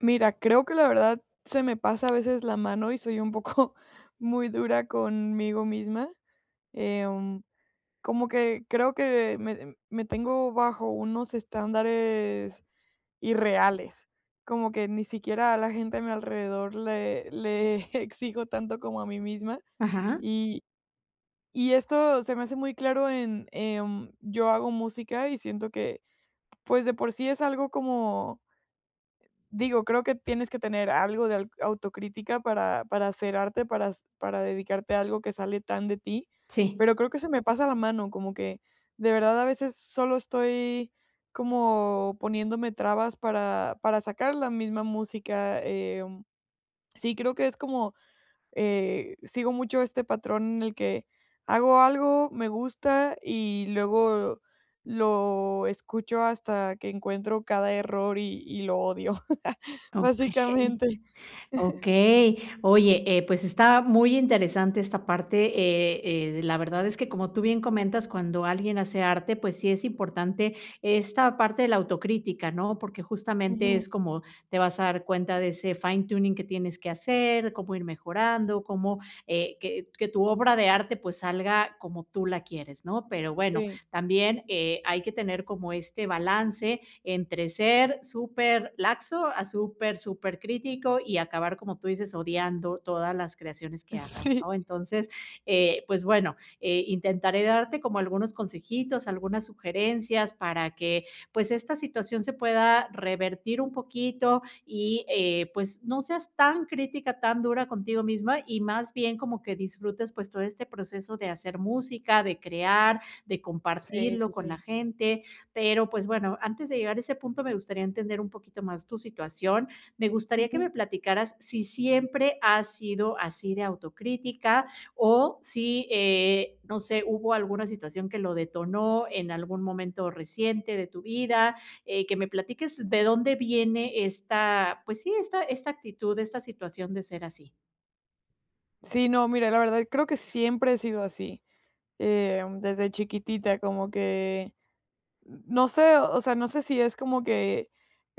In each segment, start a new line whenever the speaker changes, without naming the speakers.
Mira, creo que, la verdad, se me pasa a veces la mano y soy un poco muy dura conmigo misma. Em, como que creo que me, me tengo bajo unos estándares irreales, como que ni siquiera a la gente a mi alrededor le, le exijo tanto como a mí misma.
Ajá.
Y, y esto se me hace muy claro en, em, yo hago música y siento que, pues de por sí es algo como, digo, creo que tienes que tener algo de al autocrítica para para hacer arte, para para dedicarte a algo que sale tan de ti,
Sí.
pero creo que se me pasa la mano, como que, de verdad, a veces solo estoy, como, poniéndome trabas para para sacar la misma música. Em, sí, creo que es como, eh, sigo mucho este patrón el que, hago algo, me gusta, y luego lo escucho hasta que encuentro cada error y y lo odio,
Okey.
básicamente.
Okey. Oye, eh, pues está muy interesante esta parte, eh eh, la verdad es que como tú bien comentas, cuando alguien hace arte, pues sí es importante esta parte de la autocrítica, ¿no? Porque justamente
Ujú.
es como, te vas a dar cuenta de ese fine tuning que tienes que hacer, cómo ir mejorando, cómo, eh, que que tu obra de arte, pues salga como tú la quieres, ¿no? Pero bueno,
Sí.
también, eh, hay que tener como este balance entre ser superlaxo a super, supercrítico y acabar, como tú dices, odiando todas las creaciones que hagas,
Sí.
¿no? Entonces, eh, pues bueno, eh, intentaré darte como algunos consejitos, algunas sugerencias para que, pues esta situación se pueda revertir un poquito y, eh, pues no seas tan crítica, tan dura contigo misma, y más bien como que disfrutes, pues todo este proceso de hacer música, de crear, de
Sí,
compartirlo
sí,
con la
sí.
gente. Pero, pues, bueno, antes de llegar a ese punto, me gustaría entender un poquito más tu situación. Me gustaría que
Ujú.
me platicaras si siempre has sido así de autocrítica o si, eh, no sé, hubo alguna situación que lo detonó en algún momento reciente de tu vida, eh, que me platiques de dónde viene esta, pues sí, esta esta actitud, esta situación de ser así.
Sí, no, mira, la verdad, creo que siempre he sido así, em, desde chiquitita, como que n no sé, o sea, no sé si es como que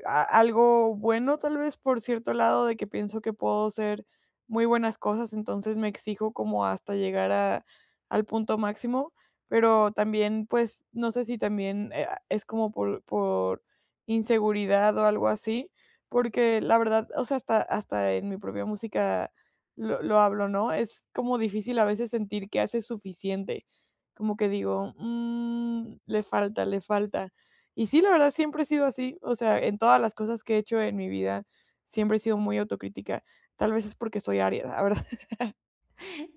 a algo bueno, tal vez, por cierto lado, de que pienso que puedo hacer muy buenas cosas, entonces, me exijo como hasta llegar a al punto máximo. Pero también, pues, no sé si también eh, ah, es como por por inseguridad o algo así, porque, la verdad, o sea, hasta hasta en mi propia música lo lo hablo, ¿no? Es como difícil a veces sentir que haces suficiente. Como que digo: "Mmm, le falta, le falta". Y sí, la verdad, siempre he sido así, o sea, en todas las cosas que he hecho en mi vida, siempre he sido muy autocrítica. Tal vez es porque soy Aries, la verdad.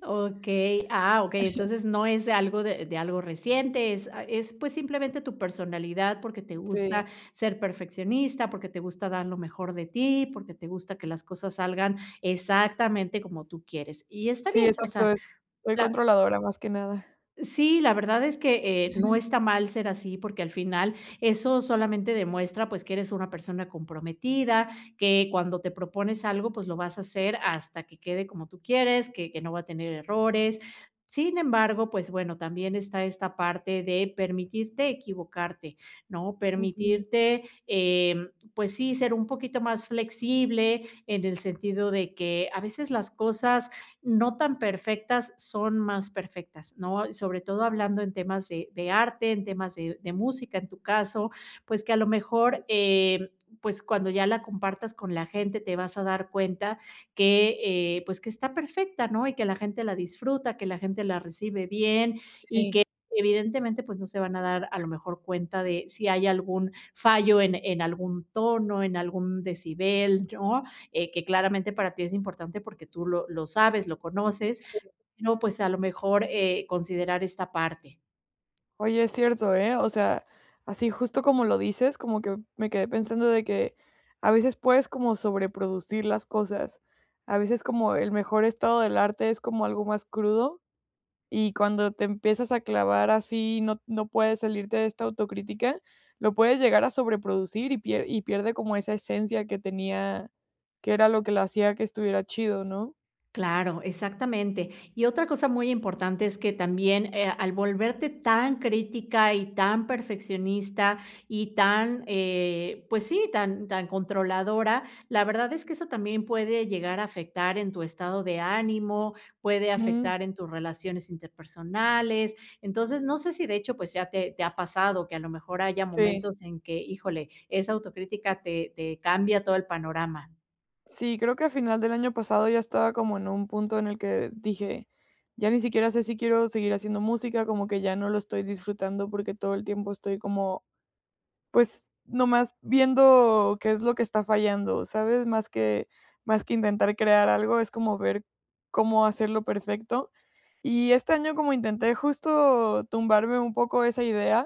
Okey. Ah, okey,
Ajá.
entonces no es algo de de algo reciente, es a es, pues, simplemente tu personalidad, porque te
Sí.
gusta ser perfeccionista, porque te gusta dar lo mejor de ti, porque te gusta que las cosas salgan exactamente como tú quieres. Y está
Sí,
bien, o
exacto,
sea,
eso. Soy
la
controladora más que nada.
Sí, la verdad es que, eh, no está mal ser así, porque al final eso solamente demuestra, pues, que eres una persona comprometida, que cuando te propones algo, pues, lo vas a hacer hasta que quede como tú quieres, que que no va a tener errores. Sin embargo, pues bueno, también está esta parte de permitirte equivocarte, ¿no?
Ujú.
Permitirte, em, pues sí, ser un poquito más flexible, en el sentido de que a veces las cosas no tan perfectas son más perfectas, ¿no? Sobre todo hablando en temas de de arte, en temas de de música en tu caso, pues que a lo
Sí.
mejor, em, pues cuando ya la compartas con la gente te vas a dar cuenta que, eh, pues que está perfecta, ¿no? Y que la gente la disfruta, que la gente la recibe bien y
Sí.
que evidentemente, pues no se van a dar a lo mejor cuenta de si hay algún fallo en en algún tono, en algún decibel yo, eh, que claramente para ti es importante porque tú lo lo sabes, lo conoces,
Sí.
no pues a lo mejor, eh, considerar esta parte.
Oye, es cierto, ¿eh? O sea, así justo como lo dices, como que, me quedé pensando de que, a veces puedes como sobreproducir las cosas. A veces, como el mejor estado del arte es como algo más crudo, y cuando te empiezas a clavar así no no puedes salirte de esta autocrítica, lo puedes llegar a sobreproducir y pier y pierde como esa esencia que tenía, que era lo que lo hacía que estuviera chido, ¿no?
Claro, exactamente. Y otra cosa muy importante es que también, eh, al volverte tan crítica y tan perfeccionista y tan eh, pues sí, tan tan controladora, la verdad es que eso también puede llegar a afectar en tu estado de ánimo, puede
Mm.
afectar en tus relaciones interpersonales, entonces, no sé si de hecho, pues ya te te ha pasado que a lo mejor haya
Sí.
momentos en que híjole, esa autocrítica te te cambia todo el panorama.
Sí, creo que a final del año pasado ya estaba como en un punto en el que dije: "Ya ni siquiera sé si quiero seguir haciendo música, como que ya no lo estoy disfrutando porque todo el tiempo estoy como, pues, nomás viendo qué es lo que está fallando, ¿sabes?". Más que más que intentar crear algo, es como ver cómo hacerlo perfecto. Y este año, como intenté justo tumbarme un poco esa idea,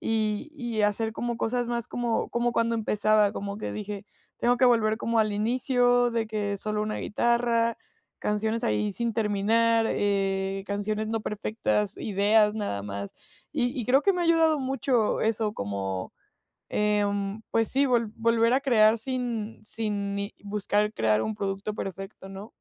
y y hacer como cosas más como como cuando empezaba, como que dije, tengo que volver como al inicio de que solo una guitarra, canciones ahí sin terminar, eh, canciones no perfectas, ideas nada más, y y creo que me ha ayudado mucho eso, como, em, pues sí, vol volver a crear sin sin ni buscar crear un producto perfecto, ¿no?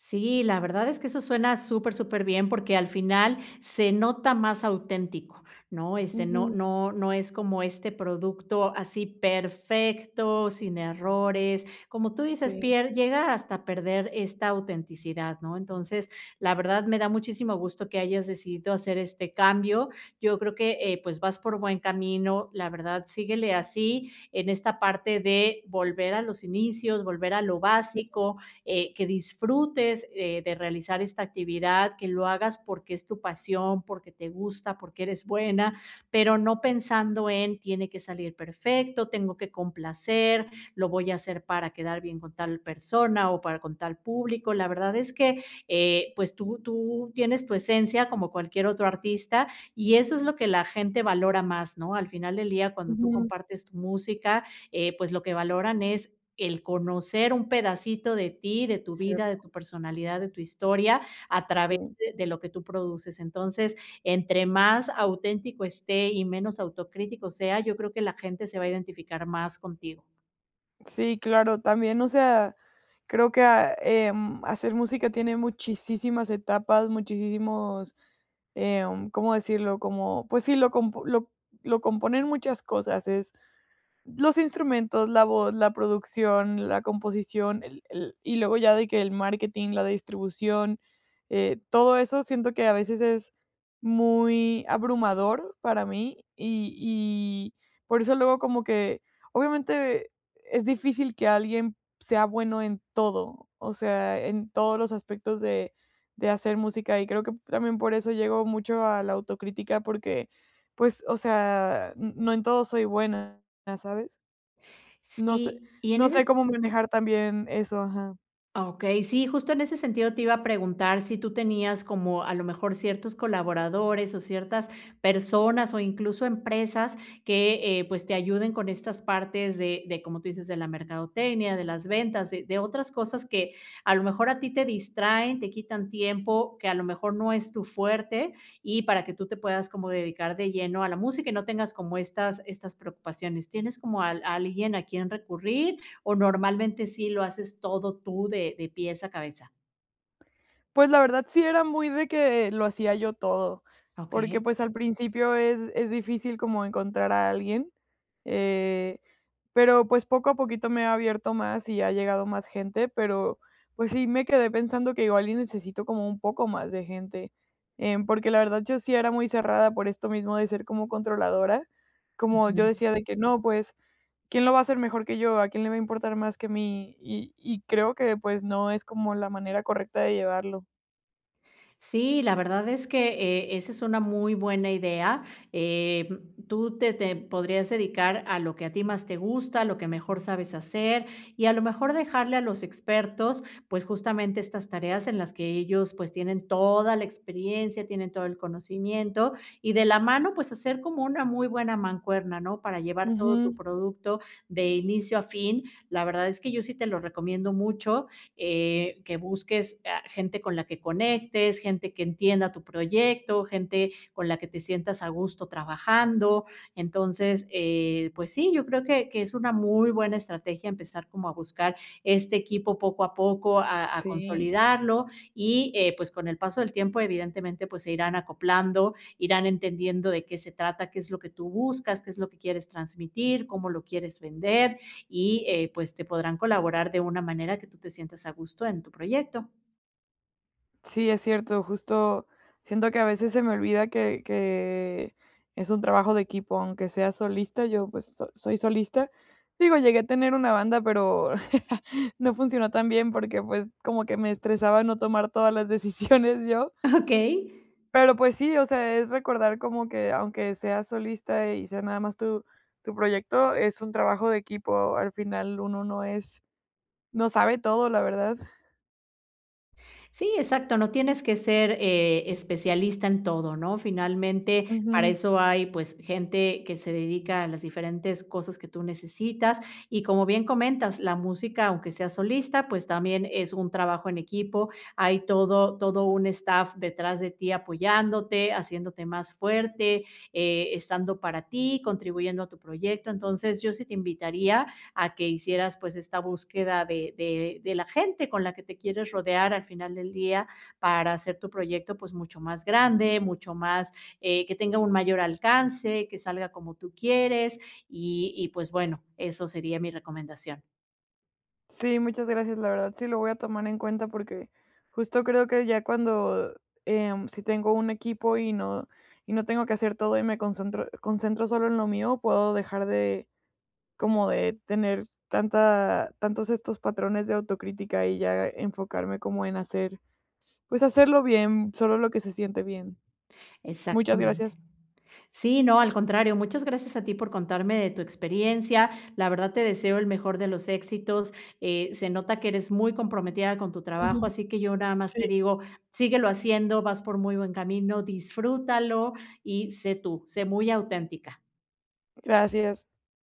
Sí, la verdad, es que eso suena súper, súper bien. Porque al final, se nota más auténtico, ¿no? Este, no
Ujú.
no no es como este producto, así perfecto, sin errores. Como tú dices,
Sí.
pier llega hasta perder esta autenticidad, ¿no? Entonces, la verdad, me da muchísimo gusto que hayas decidido hacer este cambio. Yo creo que, eh, pues, vas por buen camino. La verdad síguele así, en esta parte de volver a los inicios, volver a lo
[unintelligible]
básico, eh, que disfrutes, eh, de realizar esta actividad. Que lo hagas porque es tu pasión, porque te gusta, porque eres buena, pero no pensando en: "Tiene que salir perfecto, tengo que complacer, lo voy a hacer para quedar bien con tal persona, o para con tal público". La verdad, es que, eh, pues tú tú tienes tu esencia, como cualquier otro artista, y eso es lo que la gente valora más, ¿no? Al final del día, cuando tú
Ujú.
compartes tu música, eh, pues, lo que valoran, es el conocer un pedacito de ti, de tu vida, de
Cierto.
tu personalidad, de tu historia, a través de
Sí.
de lo que tú produces. Entonces, entre más auténtico esté, y menos autocrítico sea, yo creo, que la gente se va a identificar más contigo.
Sí, claro. También, o sea, creo que a em, hacer música tiene muchisísimas etapas, muchisísimos, em, ¿cómo decirlo? Como, pues sí, lo comp lo lo componen muchas cosas. Es los instrumentos, la voz, la producción, la composición, el el, y luego ya de que el marketing, la distribución, eh, todo eso siento que a veces es muy abrumador para mí, y y por eso luego como que, obviamente, es difícil que alguien sea bueno en todo, o sea, en todos los aspectos de de hacer música, y creo que también por eso llego mucho a la autocrítica, porque, pues, o sea, n no en todo soy buena, ¿sabes? No sé
Sí, y en
no sé
eses
cómo manejar también eso, ajá.
Okey, sí, justo en ese sentido te iba a preguntar si tú tenías como a lo mejor ciertos colaboradores, o ciertas personas, o incluso empresas que, eh, pues, te ayuden con estas partes de de como tú dices, de la mercadotecnia, de las ventas, de de otras cosas que a lo mejor a ti te distraen, te quitan tiempo, que a lo mejor no es tu fuerte, y para que tú te puedas como dedicar de lleno a la música y no tengas como estas estas preocupaciones. ¿Tienes como al alguien a quien recurrir o normalmente sí lo haces todo tú de de pies a cabeza?
Pues, la verdad, sí era muy de que, lo hacía yo todo, porque,
Okey.
pues, al principio es es difícil como encontrar a alguien, eh, pero, pues, poco a poquito me he abierto más, y ha llegado más gente, pero, pues sí, me quedé pensando que igual, y necesito como un poco más de gente. Em, porque, la verdad, yo sí era muy cerrada, por esto mismo de ser como controladora, como yo
Ujú.
decía de que: "No, pues, ¿quién lo va a hacer mejor que yo? ¿A quién le va a importar más que mí?". Y, y creo que, pues, no es como la manera correcta de llevarlo.
Sí, la verdad es que, eh, esa es una muy buena idea. Eh, tú te te podrías dedicar a lo que a ti más te gusta, a lo que mejor sabes hacer, y a lo mejor dejarle a los expertos, pues, justamente, estas tareas en las que ellos, pues, tienen toda la experiencia, tienen todo el conocimiento. Y de la mano, pues hacer como una muy buena mancuerna, ¿no? Para, llevar todo tu
Ujú.
producto, de inicio a fin. La verdad, es que yo sí te lo recomiendo mucho, eh, que busques, ah, gente con la que conectes, gente que entienda tu proyecto, gente con la que te sientas a gusto trabajando. Entonces, eh, pues sí, yo creo que que es una muy buena estrategia, empezar como a buscar este equipo, poco a poco, a a
Sí.
consolidarlo. Y, eh, pues, con el paso del tiempo, evidentemente, pues, se irán acoplando, irán entendiendo de qué se trata, qué es lo que tú buscas, qué es lo que quieres transmitir, cómo lo quieres vender. Y, eh, pues, te podrán colaborar de una manera que tú te sientas a gusto en tu proyecto.
Sí, es cierto, justo siento que a veces, se me olvida que que es un trabajo de equipo, aunque sea solista, yo, pues, so soy solista, digo, llegué a tener una banda, pero no funcionó tan bien porque, pues, como que me estresaba no tomar todas las decisiones yo.
Okey.
Pero, pues sí, o sea, es recordar como que, aunque sea solista y sea nada más tu tu proyecto, es un trabajo de equipo, al final, uno no es no sabe todo, la verdad.
Sí, exacto, no tienes que ser, eh, especialista en todo, ¿no?, finalmente, para
Ujú.
eso hay, pues, gente que se dedica a las diferentes cosas que tú necesitas y como bien comentas, la música, aunque seas solista, pues, también es un trabajo en equipo, hay todo todo un staff detrás de ti, apoyándote, haciéndote más fuerte, eh, estando para ti, contribuyendo a tu proyecto, entonces, yo sí te invitaría a que hicieras, pues, esta búsqueda de de de la gente con la que te quieres rodear al final del día para hacer tu proyecto, pues, mucho más grande, mucho más, eh, que tenga un mayor alcance, que salga como tú quieres y y, pues, bueno, eso sería mi recomendación.
Sí, muchas gracias, la verdad sí lo voy a tomar en cuenta porque justo creo que ya cuando, em, si tengo un equipo y no y no tengo que hacer todo y me concentro concentro solo en lo mío, puedo dejar de, como de tener tanta tantos estos patrones de autocrítica y ya enfocarme como en hacer, pues, hacerlo bien, solo lo que se siente bien, muchas gracias.
Exactamente, sí, no, al contrario, muchas gracias a ti por contarme de tu experiencia, la verdad te deseo el mejor de los éxitos, eh, se nota que eres muy comprometida con tu trabajo,
Ujú,
así que yo nada más
sí.
te digo, síguelo haciendo, vas por muy buen camino, disfrútalo y sé tú, sé muy auténtica.
Gracias.